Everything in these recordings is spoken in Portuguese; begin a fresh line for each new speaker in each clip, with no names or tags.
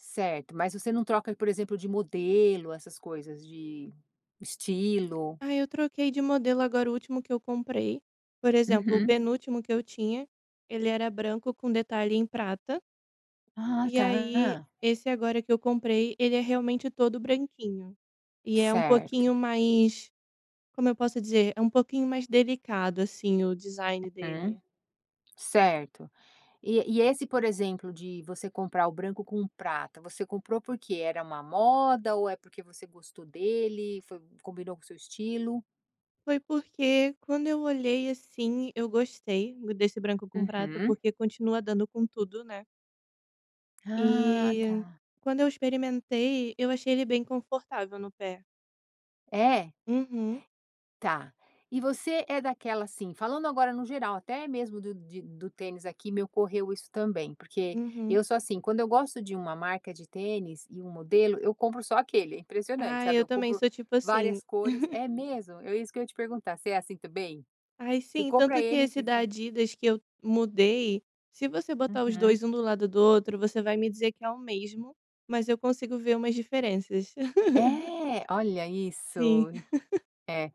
Certo, mas você não troca, por exemplo, de modelo, essas coisas, de de estilo?
Aí, eu troquei de modelo agora, o último que eu comprei por exemplo, o
Uhum.
penúltimo que eu tinha ele era branco com detalhe em prata.
Ah,
E aí,
tá.
esse agora que eu comprei, ele é realmente todo branquinho. E é um
Certo.
pouquinho mais, como eu posso dizer, é um pouquinho mais delicado, assim, o design
Uhum,
dele.
certo. E e esse, por exemplo, de você comprar o branco com prata, você comprou porque era uma moda ou é porque você gostou dele, foi combinou com o seu estilo?
Foi porque, quando eu olhei, assim, eu gostei desse branco com prata,
Uhum.
porque continua dando com tudo, né.
Ah,
E,
tá.
quando eu experimentei, eu achei ele bem confortável no pé.
É?
Uhum.
Tá. E você é daquela, assim falando agora no geral, até mesmo do de do tênis aqui, me correu isso também. Porque
Uhum.
eu sou assim, quando eu gosto de uma marca de tênis e um modelo, eu compro só aquele. É impressionante,
Ai,
sabe,
eu
eu
também
compro
sou tipo assim.
várias cores é mesmo? É isso que eu te perguntar, você assim também?
Ai,
Você
sim,
compra
tanto que
ele
esse
de
da
va
Adidas que eu mudei, se você botar os
Uhum.
dois um do lado do outro, você vai me dizer que é o mesmo, mas eu consigo ver umas diferenças.
É? Olha isso.
Sim.
É,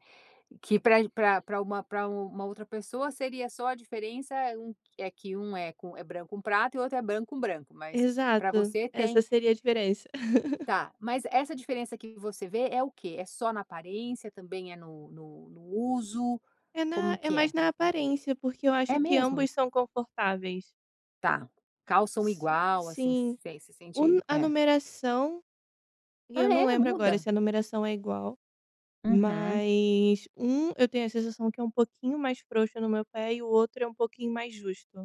que para g para para uma para u uma outra pessoa seria só a diferença um é que um é com é branco com prata e outro é branco com branco, mas para
Exato.
você
Essa
tem
seria a diferença.
Tá, mas essa diferença que você vê é o quê? É só na aparência, também é no no no uso?
É na
Como
é
que
mais
é?
na aparência, porque eu acho
É
que
mesmo?
ambos são confortáveis.
Tá, calçam
Si
igual, assim,
sim.
se se sente
Um a
é.
numeração e
Ah,
eu não
é?
lembro agora
Muda?
se a numeração é igual.
Uhum.
Mas 1 eu tenho a sensação que é um pouquinho mais frouxo no meu pé e o outro é um pouquinho mais justo.